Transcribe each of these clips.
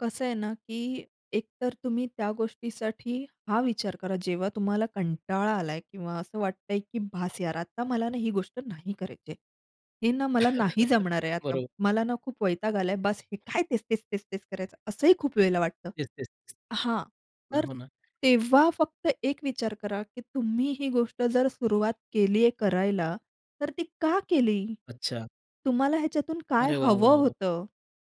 कसं आहे ना, की एकतर तुम्ही त्या गोष्टीसाठी हा विचार करा जेव्हा तुम्हाला कंटाळा आलाय किंवा असं वाटतंय की "बास यार आता मला ना ही गोष्ट नाही करायची आहे. हे ना मला नाही जमणार आहे आता. बरोबर. मला ना खूप वैताग आलाय बास. हे काय तेच तेच तेच तेच करायचं?" असंही खूप वेळेला वाटतं तेच-तेच. हां. नाही, तर हो ना. तेव्हा फक्त एक विचार करा की तुम्ही ही गोष्ट जर सुरुवात केलीये करायला तर ती का केली? अच्छा. तुम्हाला ह्याच्यातून काय अरे वाह, हवं वाह, वाह! होतं?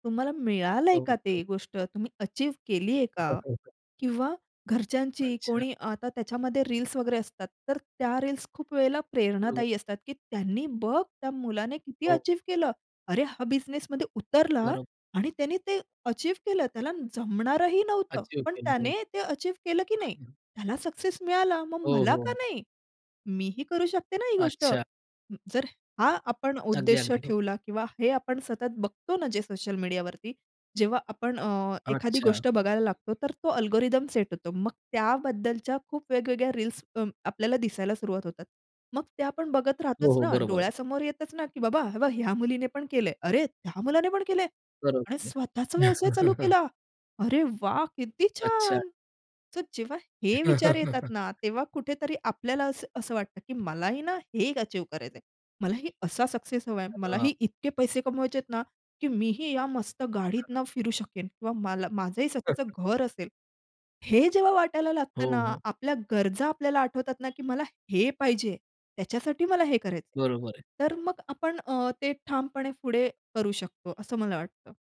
तुम्हाला मिळालंय हो, का ते होतो. गोष्ट? तुम्ही अचीव्ह केली आहे का? [unintelligible] किंवा घरच्यांची अच्छा. कोणी आता त्याच्यामध्ये रील्स वगैरे असतात तर त्या रील्स खूप वेळेला [unintelligible] प्रेरणादायी असतात, की त्यांनी बघ त्या मुलाने किती हो. अचीव्ह केलं. अरे हा बिझनेसमध्ये उतरला बरं. आणि त्याने ते अचीव्ह केलं. त्याला जमणारही नव्हतं. अचीव्ह पण केलं. त्याने ते अचीव्ह केलं की नाही? हो. त्याला सक्सेस मिळाला. मग हो, मला का हो. नाही? मीही करू शकते ना ही गोष्ट? अच्छा. जर हा आपण अगदी, उद्देश अगदी. हो. ठेवला किंवा हे आपण सतत बघतो ना जे सोशल मीडियावरती. जेव्हा आपण अ, एखादी अच्छा. गोष्ट बघायला लागतो तर तो अल्गोरिदम सेट होतो. मग त्याबद्दलच्या खूप वेगवेगळ्या रील्स अ, आपल्याला दिसायला सुरुवात होतात. मग ते आपण बघत हो, राहतोच हो. ना? बरोबर आहे. डोळ्यासमोर येतच ना की बाबा हे बघ ह्या मुलीने पण केलंय. अरे त्या मुलाने पण केलंय. बरोबर आणि आहे. स्वतःचा व्यवसाय चालू केला. अरे वाह! किती अच्छा. छान! तर जेव्हा हे विचार येतात ना तेव्हा कुठेतरी आपल्याला असं असं वाटतं की मलाही ना हे एक अचीव्ह करायचंय. मलाही असा सक्सेस हवाय. अरे बापरे! मलाही इतके पैसे कमवायचेत ना की मीही या मस्त गाडीतनं हां. फिरू शकेन किंवा मला माझंही स्वतःचं घर असेल. हे जेव्हा वाटायला हो, लागतं ना. हो. आपल्या गरजा आपल्याला आठवतात ना की मला हे पाहिजे. त्याच्यासाठी मला हे करायचंय. बरोबर आहे. तर मग आपण अ, ते ठामपणे पुढे करू शकतो असं मला वाटतं.